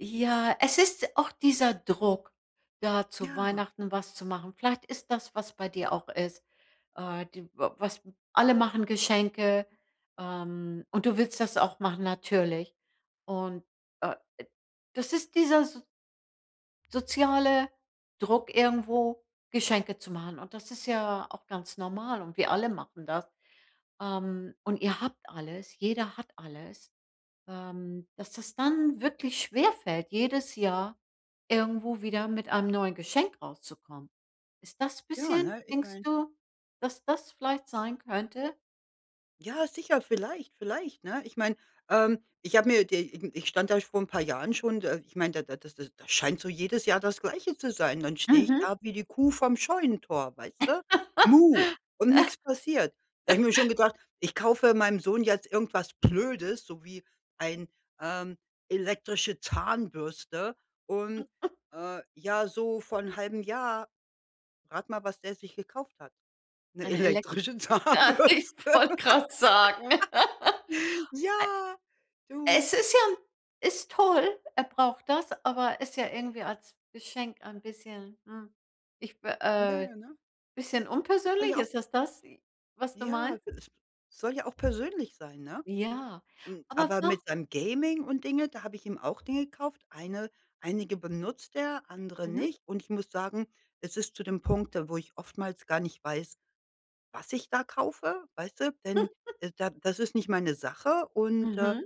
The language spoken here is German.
Ja, es ist auch dieser Druck, da zu Ja. Weihnachten was zu machen. Vielleicht ist das, was bei dir auch ist, äh, d w was alle machen Geschenke, ähm, und du willst das auch machen, natürlich. Und, äh, e das ist dieser s soziale Druck, irgendwo Geschenke zu machen. Und das ist ja auch ganz normal und wir alle machen das. Ähm, und ihr habt alles, jeder hat alles. Ähm, dass das dann wirklich schwerfällt, jedes Jahr irgendwo wieder mit einem neuen Geschenk rauszukommen. Ist das Ja, bisschen ne? Ich denkst meine du, dass das vielleicht sein könnte? Ja, sicher, vielleicht, vielleicht, ne? Ich meine, ähm, ich habe mir d irgen ich stand erst vor 'n paar Jahren schon d äh, ich meine, da da das da scheint so jedes Jahr das Gleiche zu sein. Dann stehe ich Mhm. da wie die Kuh vom Scheunentor, weißt du, Muh, und nix passiert. Da habe mir schon gedacht: „Ich kaufe meinem Sohn jetzt irgendwas Blödes, so wie ein, ähm, elektrische Zahnbürste.“ Und, äh, ja, so vor 'n 1/2 Jahr, rate mal, was der sich gekauft hat, 'ne Eine elek elektrische das Zahnbürste. ich wollte grad sagen, äh. Ja, du. Es ist ja ist toll, er braucht das, aber ist ja irgendwie als Geschenk ein bisschen, hm, ich be Ja, äh, ja, ne? bisschen Das war unpersönlich. ja auch Ist es das, was du Ja meinst? g es soll ja auch persönlich sein, ne? Ja, M aber aber wa mit seinem Gaming und Dinge, da habe ich ihm auch Dinge gekauft. Eine einige benutzt er, andere Mhm. nicht. Und ich muss sagen, es ist zu dem Punkt, wo ich oftmals gar nicht weiß, was ich da kaufe, weißt du? Denn da da das ist nicht meine Sache. Und, äh Mhm.